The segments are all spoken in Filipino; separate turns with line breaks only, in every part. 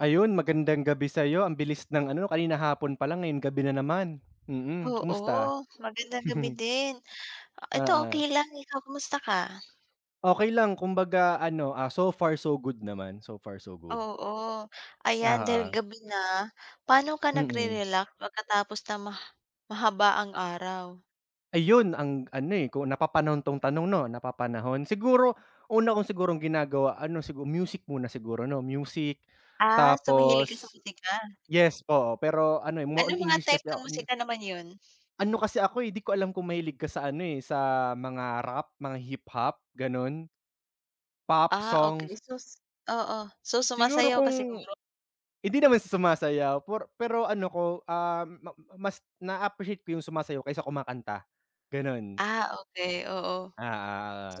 Ayun, magandang gabi sa'yo. Ang bilis ng ano, 'no? Kanina hapon palang, ngayon gabi na naman. Mm, kumusta?
Oo, magandang gabi din. Eto
Oo.
okey lang. Ikaw, kamusta ka?
Okey lang, kumbaga ano, ah, so far, so good naman. So far, so good.
Oo, ayan, dahil
Oo.
gabi na. Paano ka
Mm.
nagre-relax pagkatapos ng ma mahabaang araw?
Ayun, ang ano eh, kung napapanahon 'tong tanong, 'no, napapanahon. Siguro una kong sigurong ginagawa ano, sigu music muna siguro, 'no? Music
Ah, so, mahilig ka sa
tapos
musika.
yes, oo. Pero ano eh, more on
Anong mga
English
type
kasi
na
ako, me
musika naman yun?
Ano kasi ako eh, 'di ko alam kung mahilig ka sa ano eh, sa mga rap, mga hip-hop, ganun. Pop
Ah,
songs.
okey. So, s oo. So,
Siguro
sumasayaw ka
kung
siguro?
hindi naman sa sumasayaw por pero ano ko, um, ma mas naa-appreciate ko yung sumasayaw kaysa kumakanta, ganun.
Ah, okey, oo.
Ah,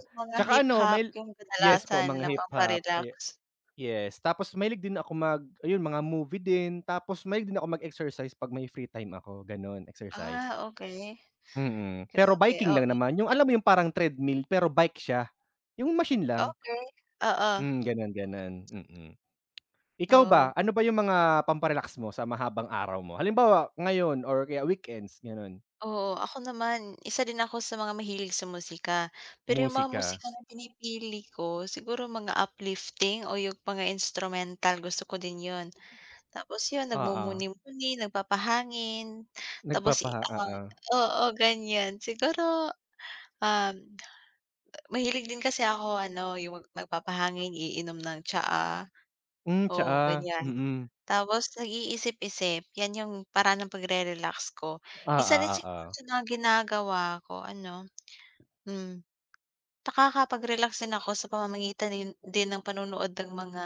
oo, oo.
Mga
Tsaka ano,
hip-hop
mahil
yung
yes po,
kadalasan
mga
na
hip-hop, ah, ye
pampa-relax.
yes. Tapos mahilig din ako mag ayun, mga movie din. Tapos mahilig din ako mag-exercise 'pag may free time ako, gano'n, exercise.
Ah, okey.
Mm. Pero
Grabe,
biking lang
oo.
naman. Yung alam mo yung parang treadmill pero bike siya? Yung machine lang?
Okey, oo.
Hmm, ganun ganun, mm. Ikaw ba,
Oo.
ano ba yung mga pampa-relax mo sa mahabang araw mo? Halimbawa, ngayon or kaya weekends, gano'n.
Oo, ako naman, 1 din ako sa mga mahilig sa musika. Pero yung mga
Musika.
musika na pinipili ko siguro mga uplifting o yung mga instrumental, gusto ko din yun. Tapos yun,
Oo.
nagmumuni-muni, nagpapahangin. Tapos i
Nagpapaha
ah,
oo.
oo, ganiyan. Siguro, um, mahilig din kasi ako ano, yung mag nagpapahangin, iinom ng tsaa.
Hmm,
Oo,
tsaa.
ganiyan.
Mm.
Tapos nag-iisip-isip. Yan yung paraan ng pagre-relax ko.
Ah,
Isa din sa
oo, oo.
mga ginagawa ko ano, hmm, nakakapag-relax din ako sa pamamagitan yun din ng panonood ng mga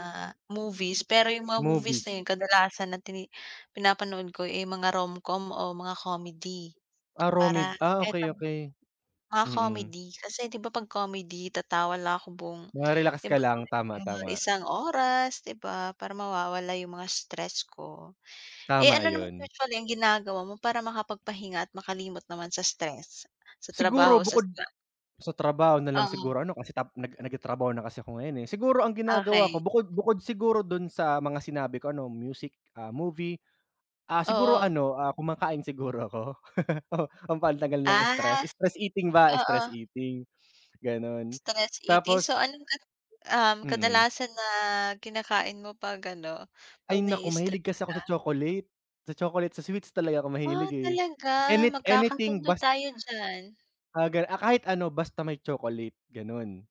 movies. Pero yung mga movies na
Movies.
yung kadalasan na tini pinapanood ko eh, mga Romcom o mga comedy
Ah, romid,
para
ah,
kahit
okey,
ang
okey.
mga
Mm.
comedy. Kasi 'di ba, 'pag comedy, tatawa lang ako buong
Ma-relax
'di
ka
ba
lang. Tama,
mga
tama.
isang oras, 'di ba? Para mawawala yung mga stress ko. Eh,
Tama
ano naman
yun.
usually ang ginagawa mo para makapagpahinga at makalimot naman sa stress sa trabaho
Siguro
o sa
bukod
[unintelligible]
sa trabaho nalang
Oo.
siguro ano, kasi tap nag nagtatrabaho na kasi ako ngayon eh. Siguro ang ginagawa ko
Okey.
bukod bukod siguro dun sa mga sinabi ko, ano, music, ah, movie, ah, siguro
Oo.
ano, ah, kumakain siguro ako, pampatanggal ng
Ah,
stress. Stress eating ba,
oo.
stress eating, gano'n.
Stress eating.
Tapos
So, ano-ano, um,
Mm.
kadalasan na kinakain mo 'pag ano,
Ay,
'pag
naku!
na-i-stress
Mahilig kasi ako
ka?
sa chocolate. Sa chocolate, sa sweets talaga ako
Ah,
mahilig eh.
talaga?
Any anything
Magkakasundo
bas
tayo diyan.
Ah, gan ah, kahit ano basta may chocolate, ganun.